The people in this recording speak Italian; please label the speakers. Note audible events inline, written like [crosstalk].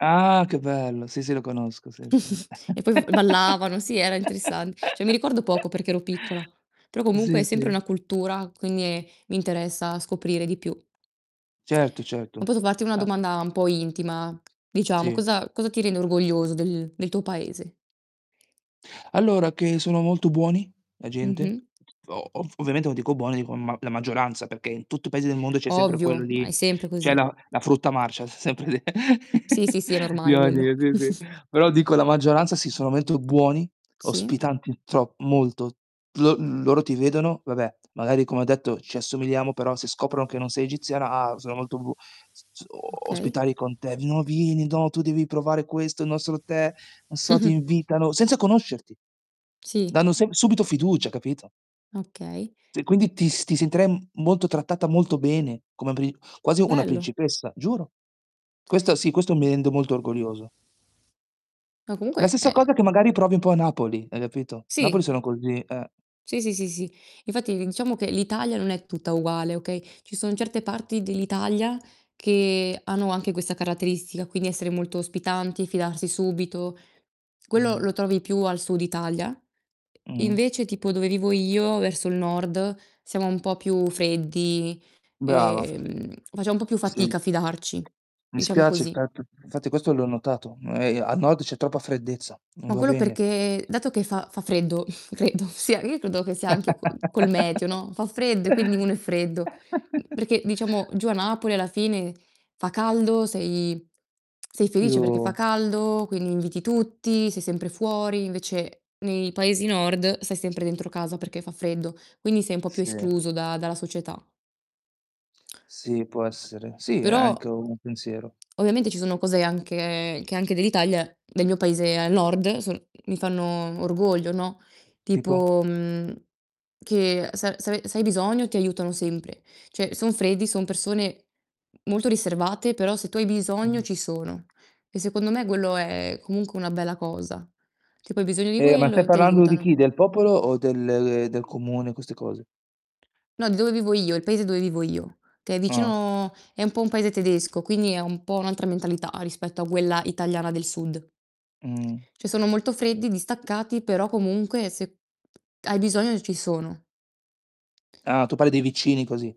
Speaker 1: Ah, che bello! Sì, sì, lo conosco, sì, sì.
Speaker 2: [chuckles] E poi v ballavano, sì, era interessan
Speaker 1: [chuckles]
Speaker 2: cioè, mi ricordo poco perché ero piccola, però comunque
Speaker 1: Sì,
Speaker 2: è sempre
Speaker 1: sì.
Speaker 2: una cultura, quindi è mi interessa scoprire di più.
Speaker 1: Certo, certo.
Speaker 2: Ma posso farti una
Speaker 1: A
Speaker 2: domanda un po' intima? Diciamo,
Speaker 1: Sì.
Speaker 2: cosa cosa ti rende orgoglioso del del tuo Paese?
Speaker 1: Allora, che sono molto buoni, la gente.
Speaker 2: Mh-mh.
Speaker 1: O ov ovviamente, no, dico buoni, dico ma la maggioranza, perché in tutti i paesi del mondo c'è sempre quello
Speaker 2: Ovvio, ma
Speaker 1: lì
Speaker 2: è sempre
Speaker 1: c'è
Speaker 2: così.
Speaker 1: la la frutta marcia, s sempre lì,
Speaker 2: Sì,
Speaker 1: [chuckles]
Speaker 2: sì, sì, è normale quello. [chuckles]
Speaker 1: [unintelligible] però dico la maggioranza, sì, sono mento buoni,
Speaker 2: Sì.
Speaker 1: ospitanti tro molto. Lo loro ti vedono vabbè, magari come ho detto ci assomigliamo, però se scoprono che non sei egiziana, ah, sono molto bu s z o
Speaker 2: Okay.
Speaker 1: ospitali con te: "V no, vieni! No, tu devi provare questo, il nostro tè", non so, ti
Speaker 2: [chuckles]
Speaker 1: invitano senza conoscerti!
Speaker 2: Sì.
Speaker 1: Danno sem subito fiducia, capito?
Speaker 2: Okay.
Speaker 1: Cioè, quindi ti s ti sentirai m molto trattata molto bene, come apri quasi una
Speaker 2: Bello.
Speaker 1: principessa, giuro! Questa sì, questo mi rende molto orgoglioso.
Speaker 2: No,
Speaker 1: La
Speaker 2: comunque
Speaker 1: stessa
Speaker 2: è
Speaker 1: cosa
Speaker 2: è
Speaker 1: che magari provi un po' a Napoli, hai capito, Napoli
Speaker 2: Sì.
Speaker 1: sono così, eh.
Speaker 2: Sì, sì, sì, sì. Infatti, diciamo che l'Italia non è tutta uguale, okay: ci son certe parti dell'Italia che hanno anche questa caratteristica, quindi essere molto ospitanti, fidarsi subito. Quello
Speaker 1: Mh.
Speaker 2: lo trovi più al sud Italia.
Speaker 1: Mh.
Speaker 2: Invece, tipo dove vivo io, verso il nord, siamo un po' più freddi,
Speaker 1: Brava.
Speaker 2: ehm, facciam un po' più
Speaker 1: Sì.
Speaker 2: fatica a fidarci,
Speaker 1: Mi
Speaker 2: diciamo
Speaker 1: spiace, è
Speaker 2: così.
Speaker 1: stat infatti questo l'ho notato, e a nord c'è troppa freddezza, non
Speaker 2: Ma
Speaker 1: va
Speaker 2: quello
Speaker 1: bene.
Speaker 2: perché dato che fa fa freddo, [chuckles] credo, sia io credo che sia anche co col meteo,
Speaker 1: [chuckles]
Speaker 2: no, fa freddo e quindi uno è freddo, mhmm,
Speaker 1: [chuckles]
Speaker 2: perché, diciamo, giù a Napoli alla fine fa caldo, sei [smacks lips] sei felice perché fa
Speaker 1: Più
Speaker 2: caldo, quindi inviti tutti, sei sempre fuori, invece nei paesi nord stai sempre dentro casa perché fa freddo, quindi sei un po' più
Speaker 1: Sì.
Speaker 2: escluso da dalla società.
Speaker 1: Sì, può essere. Sì, è anche
Speaker 2: Però
Speaker 1: un pensiero.
Speaker 2: ovviamente ci sono cose anche che anche dell'Italia, del mio paese al nord, sono mi fanno orgoglio, no.
Speaker 1: Tipo?
Speaker 2: Tipo, mhmm, che se a se ave se hai bisogno ti aiutano sempre. Cioè, son freddi, son persone molto riservate, però se tu hai bisogno
Speaker 1: Mh.
Speaker 2: ci sono. E secondo me quello è comunque una bella cosa. Tipo hai bisogno di
Speaker 1: Eh, ma
Speaker 2: quello,
Speaker 1: stai
Speaker 2: e
Speaker 1: parlando di
Speaker 2: t'aiutano.
Speaker 1: chi? Del popolo o del de del comune, queste cose?
Speaker 2: No, di dove vivo io, il paese dove vivo io, che è
Speaker 1: Ah.
Speaker 2: vicino è un po' un paese tedesco, quindi è un po' un'altra mentalità rispetto a quella italiana del sud.
Speaker 1: Mh.
Speaker 2: Cioè, sono molto freddi, distaccati, però comunque se hai bisogno ci sono.
Speaker 1: Ah, tu parli dei vicini, così.